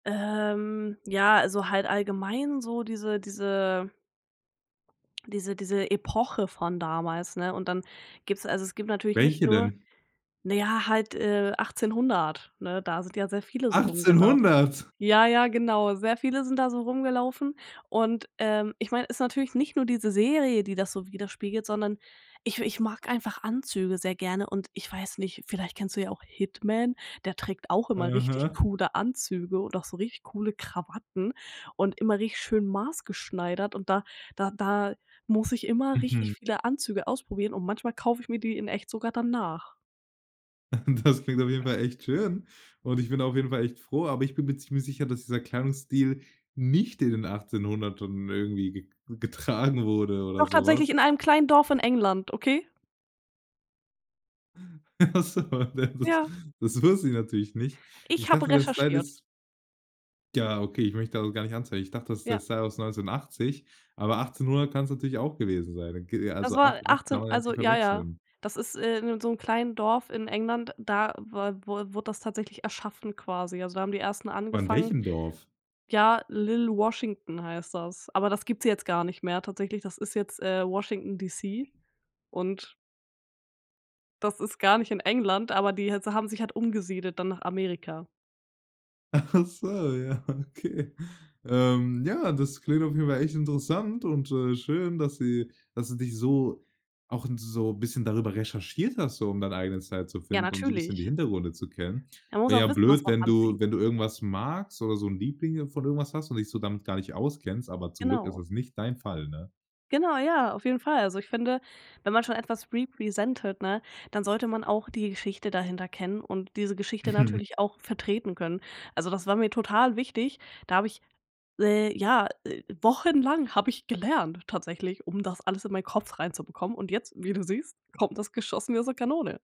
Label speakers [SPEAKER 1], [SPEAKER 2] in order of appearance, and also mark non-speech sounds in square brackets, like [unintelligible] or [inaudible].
[SPEAKER 1] Ähm, ja, also halt allgemein so diese diese diese diese Epoche von damals ne? Und dann gibt's also es gibt natürlich nicht
[SPEAKER 2] Welche
[SPEAKER 1] nur
[SPEAKER 2] denn?
[SPEAKER 1] naja halt, äh, 1800, ne? Da sind ja sehr viele so rumgelaufen.
[SPEAKER 2] 1800?
[SPEAKER 1] Ja, ja genau, sehr viele sind da so rumgelaufen und, ähm ich meine, ist natürlich nicht nur diese Serie, die das so widerspiegelt, sondern ich we ich mag einfach Anzüge sehr gerne und ich weiß nicht, vielleicht kennst du ja auch Hitman, der trägt auch immer richtig
[SPEAKER 2] Mhm.
[SPEAKER 1] coole Anzüge und auch so richtig coole Krawatten und immer richtig schön maßgeschneidert und da da da muss ich immer richtig
[SPEAKER 2] Mhm.
[SPEAKER 1] viele Anzüge ausprobieren und manchmal kaufe ich mir die in echt sogar dann nach.
[SPEAKER 2] [chuckles] Das klingt auf jeden Fall echt schön und ich bin auf jeden Fall echt froh, aber ich bin mir ziemlich sicher, dass dieser Kleidungsstil nicht in den 1800ern irgendwie gek getragen wurde oder
[SPEAKER 1] Doch
[SPEAKER 2] so was.
[SPEAKER 1] tatsächlich in einem kleinen Dorf in England, okay?
[SPEAKER 2] Ach so. Da das
[SPEAKER 1] Ja.
[SPEAKER 2] das wusste ich natürlich nicht. Ich
[SPEAKER 1] Ich habe
[SPEAKER 2] dachte, der Style
[SPEAKER 1] recherchiert.
[SPEAKER 2] ist Ja, okay, ich möchte das auch gar nicht anzweifeln. Ich dachte, das ist der
[SPEAKER 1] Ja.
[SPEAKER 2] Style aus 1980 aber 1800 kann's natürlich auch gewesen sein. [unintelligible]
[SPEAKER 1] Das
[SPEAKER 2] Also 8
[SPEAKER 1] war
[SPEAKER 2] und 8 kann
[SPEAKER 1] 18
[SPEAKER 2] man ja
[SPEAKER 1] also
[SPEAKER 2] natürlich
[SPEAKER 1] ja ja.
[SPEAKER 2] verwechseln.
[SPEAKER 1] Das ist, äh, in 'nem so 'n kleinen Dorf in England, da wa wur wurde das tatsächlich erschaffen quasi also da haben die Ersten
[SPEAKER 2] Von
[SPEAKER 1] angefangen
[SPEAKER 2] welchem Dorf?
[SPEAKER 1] ja Lil Washington heißt das, aber das gibt's jetzt gar nicht mehr tatsächlich, das ist jetzt, äh, Washington DC und das ist gar nicht in England, aber die jetzt haben sich halt umgesiedelt dann nach Amerika.
[SPEAKER 2] Ach so, ja, okay. Ähm, ja, das klingt auf jeden Fall echt interessant und, äh, schön, dass sie dass du dich so auch 'n so bisschen darüber recherchiert hast, so um dein eigenen Style zu
[SPEAKER 1] Ja,
[SPEAKER 2] finden und so bisschen die
[SPEAKER 1] natürlich.
[SPEAKER 2] Hintergründe zu kennen.
[SPEAKER 1] Man muss
[SPEAKER 2] Wäre ja
[SPEAKER 1] auch wissen, was
[SPEAKER 2] blöd,
[SPEAKER 1] man
[SPEAKER 2] wenn du
[SPEAKER 1] anzieht.
[SPEAKER 2] wenn du irgendwas magst oder so 'n Liebling, äh, von irgendwas hast und dich so damit gar nicht auskennst, aber zum Glück ist
[SPEAKER 1] Genau.
[SPEAKER 2] das nicht dein Fall, ne?
[SPEAKER 1] Genau, ja, auf jeden Fall. Also, ich finde, wenn man schon etwas represented, ne? Dann sollte man auch die Geschichte dahinter kennen und diese Geschichte
[SPEAKER 2] Mhm.
[SPEAKER 1] natürlich auch vertreten können. Also, das war mir total wichtig, da habe ich le ja, äh, wochenlang habe ich gelernt tatsächlich, um das alles in meinen Kopf reinzubekommen und jetzt, wie du siehst, kommt das geschossen wie aus der Kanone.